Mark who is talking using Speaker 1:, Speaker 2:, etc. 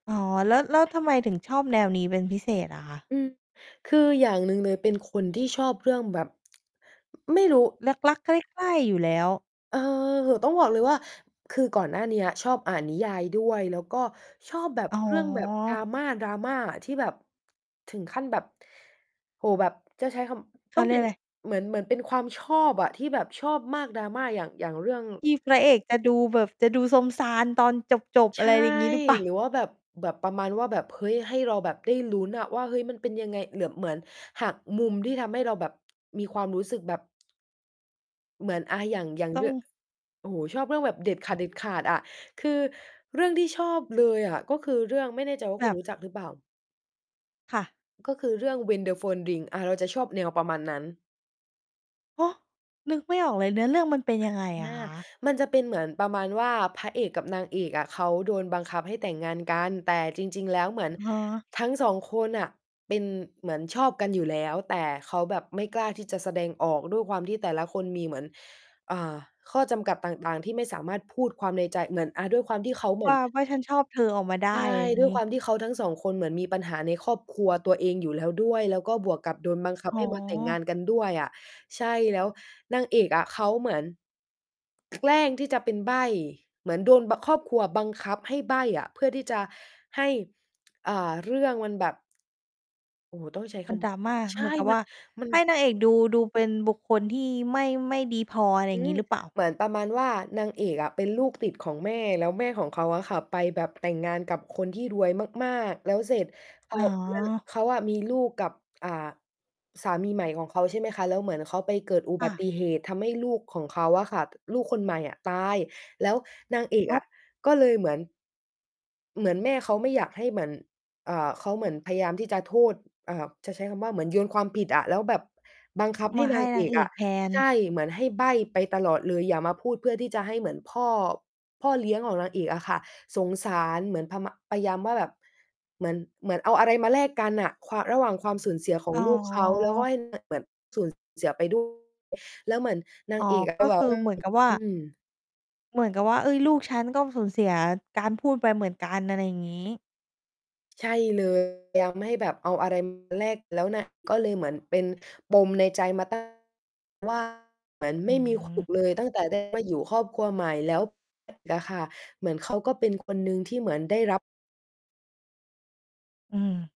Speaker 1: อ๋อ แล้ว แล้วทำไมถึงชอบแนวนี้เป็นพิเศษอะคะ?
Speaker 2: อือ คืออย่างหนึ่งเลย เป็นคนที่ชอบเรื่องแบบ ไม่รู้
Speaker 1: รัก ๆ ใคร่ ๆ อยู่แล้ว
Speaker 2: เออ ต้องบอกเลยว่า คือก่อนหน้าเนี้ยชอบอ่านนิยายด้วย แล้วก็ชอบแบบ
Speaker 1: อ๋
Speaker 2: เรื่องแบบ
Speaker 1: อ
Speaker 2: drama drama ที่แบบ ถึงขั้นแบบ โอ้ แบบจะใช้ค
Speaker 1: เข
Speaker 2: ำ ต
Speaker 1: า
Speaker 2: ้อง
Speaker 1: เรี
Speaker 2: เ
Speaker 1: ย
Speaker 2: ป็
Speaker 1: ก
Speaker 2: น
Speaker 1: อะไร?
Speaker 2: เหมือน เหมือนเป็นความชอบอะ ที่แบบชอบมาก drama อย่าง อย่างเรื่อง
Speaker 1: ที่พระเอกจะดูแบบ จะดูซมซานตอนจบ ๆ
Speaker 2: ใ
Speaker 1: อ
Speaker 2: ช
Speaker 1: ะไร
Speaker 2: ่
Speaker 1: อย่างงี้หรือเปล่า?
Speaker 2: หรือว่าแบบ แบบประมาณว่า แบบ เฮ้ย ให้เราแบบได้ลุ้นอะว่า เฮ้ย มันเป็นยังไง เหมือน เหมือนหักมุม ที่ทำให้เราแบบมีความรู้สึกแบบ เหมือน อา อย่าง อย่าง
Speaker 1: ต
Speaker 2: เ
Speaker 1: ้อ
Speaker 2: รื่อง
Speaker 1: ง
Speaker 2: โอ้โฮ ชอบเรื่องแบบเด็ดขาด ๆ อะ คือเรื่องที่ชอบเลยอะ ก็คือเรื่อง ไม่แน่ใจว่า
Speaker 1: แ
Speaker 2: คุณ
Speaker 1: บบ
Speaker 2: รู้จักหรือเปล่า?
Speaker 1: ค่ะ
Speaker 2: ก็คือเรื่อง When the phone rings อา เราจะชอบแนวประมาณนั้น
Speaker 1: ฮะ? นึกไม่ออกเลย เนื้อเรื่องมันเป็นยังไง
Speaker 2: อ
Speaker 1: อะ
Speaker 2: า
Speaker 1: คะ?
Speaker 2: มันจะเป็นเหมือนประมาณว่า พระเอกกับนางเอกอะ เขาโดนบังคับให้แต่งงานกัน แต่จริง ๆ แล้วเหมือน
Speaker 1: อ๋อ
Speaker 2: ทั้ง 2 คนน่ะ เป็น เหมือนชอบกันอยู่แล้ว แต่เขาแบบไม่กล้าที่จะแสดงออก ด้วยความที่แต่ละคนมีเหมือน อ่า ข้อจำกัดต่าง ๆ ที่ไม่สามารถพูดความในใจ เหมือน อ่า ด้วยความที่เขาเหมื
Speaker 1: ว
Speaker 2: อ
Speaker 1: ่
Speaker 2: น
Speaker 1: า ว่าฉันชอบเธอออกมาได้
Speaker 2: ใช่
Speaker 1: อะไรอย่า
Speaker 2: ด
Speaker 1: ง
Speaker 2: ้ว
Speaker 1: ง
Speaker 2: ย
Speaker 1: ี
Speaker 2: ค
Speaker 1: ้
Speaker 2: วามที่เขาทั้ง 2 คน เหมือนมีปัญหาในครอบครัวตัวเองอยู่แล้วด้วย แล้วก็บวกกับโดนบังคับ
Speaker 1: อ๋
Speaker 2: ให
Speaker 1: อ
Speaker 2: ้มาแต่งงานกันด้วยอะ ใช่ แล้วนางเอกอะเขาเหมือน แกล้งที่จะเป็นใบ้ เหมือนโดน บ ครอบครัวบังคับให้ใบ้อะ เพื่อที่จะให้ อ่า เรื่องมันแบบ โอ้โฮ ต้องใช้
Speaker 1: ม
Speaker 2: ค
Speaker 1: ัน drama
Speaker 2: ำ ใช
Speaker 1: เห
Speaker 2: ่
Speaker 1: มือนกับ
Speaker 2: ม
Speaker 1: ว
Speaker 2: ั
Speaker 1: ่
Speaker 2: น
Speaker 1: า
Speaker 2: มั
Speaker 1: ใ
Speaker 2: น
Speaker 1: ห้นางเอกดู ดูเป็นบุคคลที่ไม่ ไม่ดีพอ อะไรอ
Speaker 2: อ
Speaker 1: ย
Speaker 2: ื
Speaker 1: ่างง
Speaker 2: ม
Speaker 1: ี้หรือเปล่า?
Speaker 2: เหมือนประมาณว่า นางเอกอะ เป็นลูก ติดของแม่ แล้วแม่ของเขาอะค่ะ ไปแบบแต่งงานกับคนที่รวยมาก ๆ แล้วเสร็จ เข
Speaker 1: อ
Speaker 2: า
Speaker 1: ๋อ
Speaker 2: เลิก เขาอะมีลูกกับ อ่า สามีใหม่ของเขา ใช่ไหมคะ แล้วเหมือนเขาไปเกิดอุ
Speaker 1: ค
Speaker 2: บ
Speaker 1: ่
Speaker 2: ัต
Speaker 1: ะ
Speaker 2: ิเหตุ ทำให้ลูกของเขาอะค่ะ ลูกคนใหม่อะ ตาย แล้วนางเอก
Speaker 1: อ๋
Speaker 2: อ
Speaker 1: อ
Speaker 2: ะก็เลยเหมือน เหมือนแม่เขาไม่อยากให้เหมือน อ่า เขาเหมือนพยายามที่จะโทษ อ่า จะใช้คำว่า เหมือนโยนความผิดอะ แล้วแบบบังคับให
Speaker 1: ม
Speaker 2: ้
Speaker 1: าใ
Speaker 2: น
Speaker 1: ห้
Speaker 2: าง
Speaker 1: น
Speaker 2: เอ
Speaker 1: าง
Speaker 2: ก
Speaker 1: เอ
Speaker 2: อ
Speaker 1: ก
Speaker 2: ะ
Speaker 1: แทน
Speaker 2: ใช่ เหมือนให้ใบ้ไปตลอดเลย อย่ามาพูด เพื่อที่จะให้เหมือนพ่อ พ่อเลี้ยงของนางเอกอะค่ะ สงสารเหมือนพมะ พยายามว่าแบบ เหมือน เหมือนเอาอะไรมาแลกกันน่ะ ความ ระหว่างความสูญเสียขอ
Speaker 1: อ
Speaker 2: ง
Speaker 1: ๋
Speaker 2: ลูกเขา แล้วก็
Speaker 1: อ
Speaker 2: ให้ เหมือนแบบ สูญเสียไปด้วย แล้วเหมือนนา
Speaker 1: อ๋อ ก็
Speaker 2: งเอกอะ ก็แบ
Speaker 1: ค
Speaker 2: บ
Speaker 1: ือ
Speaker 2: ว่า
Speaker 1: เหมือนกับว่า
Speaker 2: อืม
Speaker 1: เหมือนกับว่า เฮ้ย ลูกฉันก็สูญเสียการพูดไปเหมือนกัน อะไรอย่างงี้
Speaker 2: ใช่ เลย พยามให้แบบเอาอะไร มา แลกแล้วน่ะ ก็เลยเหมือนเป็นปมในใจมา ตั้ง ว่า เหมือนไ
Speaker 1: อ
Speaker 2: ม
Speaker 1: ื
Speaker 2: ่มี ถู
Speaker 1: ม
Speaker 2: ก เลย ตั้งแต่ ได้ มาอยู่ครอบครัวใหม่แล้ว อะค่ะ เหมือนเขาก็เป็นคนหนึ่งที่เหมือนได้รับ
Speaker 1: อืม